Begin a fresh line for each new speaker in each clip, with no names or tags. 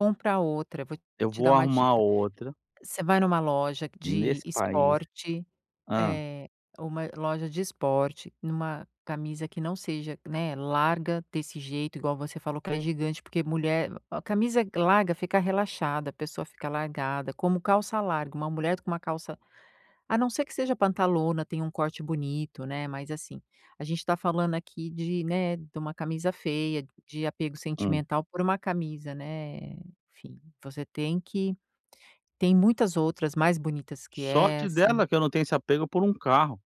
Compra outra, vou
Eu
te
vou
dar uma
arrumar
dica:
outra
você vai numa loja de
nesse país.
esporte,
Hã.
eh, uma loja de esporte, numa camisa que não seja, né, larga desse jeito igual você falou que é gigante porque mulher, a camisa larga fica relaxada, a pessoa fica largada, como calça larga, uma mulher com uma calça a não ser que seja pantalona, tenha um corte bonito, né, mas, assim, a gente tá falando aqui de, né, de uma camisa feia, de apego
Hum.
sentimental por uma camisa, né, enfim, você tem que tem muitas outras mais bonitas que
Sorte
essa
dela que eu não tenho esse apego por um carro.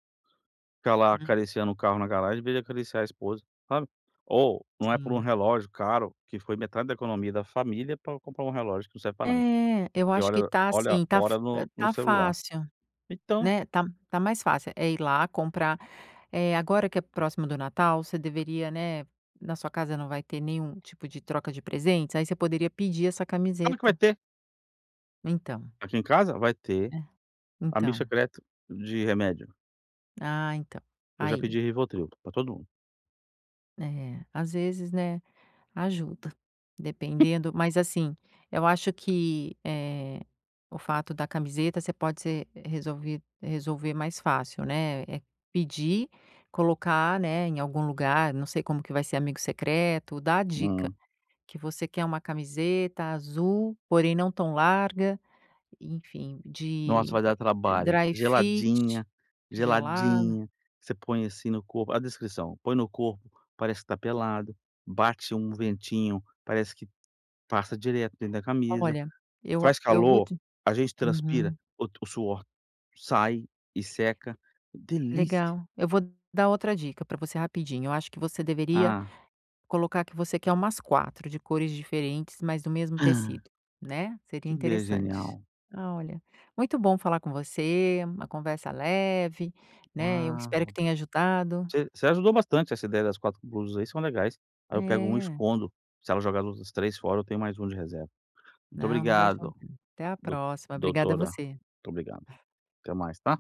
Ficar lá
Hum.
acariciando um carro na garagem em vez de acariciar a esposa, sabe. Ou, não é por um
Sim.
relógio caro, que foi metade da economia da família para comprar um relógio que não serve para nada,
É, eu
que
acho que
olha
tá,
olha
assim, tá f
hora no no
tá
celular.
fácil,
Então
né, tá tá mais fácil, é ir lá comprar, eh, agora que é próximo do Natal você deveria, né, na sua casa não vai ter nenhum tipo de troca de presentes, aí você poderia pedir essa
Sabe o que vai
camiseta.
ter?
Então.
Aqui em casa, vai ter
É,
"amigo
então.
secreto de remédio".
Ah, então,
Eu já
aí.
pedi Rivotril para todo mundo.
É, às vezes, né, ajuda. Dependendo mas assim, eu acho que, eh, o fato da camiseta você pode ser resolvi resolver mais fácil, né, é pedir, colocar, né, em algum lugar, não sei como que vai ser amigo secreto, dar dica,
Hum.
que você quer uma camiseta azul porém não tão larga, enfim,
Nossa,
de
vai dar trabalho.
dry fit,
Geladinha,
gelada
geladinha. Você põe assim no corpo a descrição, põe no corpo, parece que está pelado, bate um ventinho, parece que passa direto dentro da camisa,
Olha eu a
faz
eu vo
calor,
te
a gente transpira,
uhum
o to suor sai e seca. Delícia!
Legal, eu vou dar outra dica para você rapidinho, eu acho que você deveria
Ah.
colocar que você quer umas 4, de cores diferentes, mas do mesmo
Hã.
tecido, né, seria
Que ideia
interessante.
genial.
Olha, muito bom falar com você, uma conversa leve, né, eu espero que
Uau!
tenha ajudado
Você você ajudou bastante, essa ideia das 4 blusas aí são legais, aí eu pego 1 e
É.
escondo. Se ela jogar a luz as 3 fora, tenho mais 1 de reserva. Muito
Não, não vai jogar.
obrigado,
Até a
do
próxima, obrigada
doutora.
você.
Muito obrigado. Até mais, tá?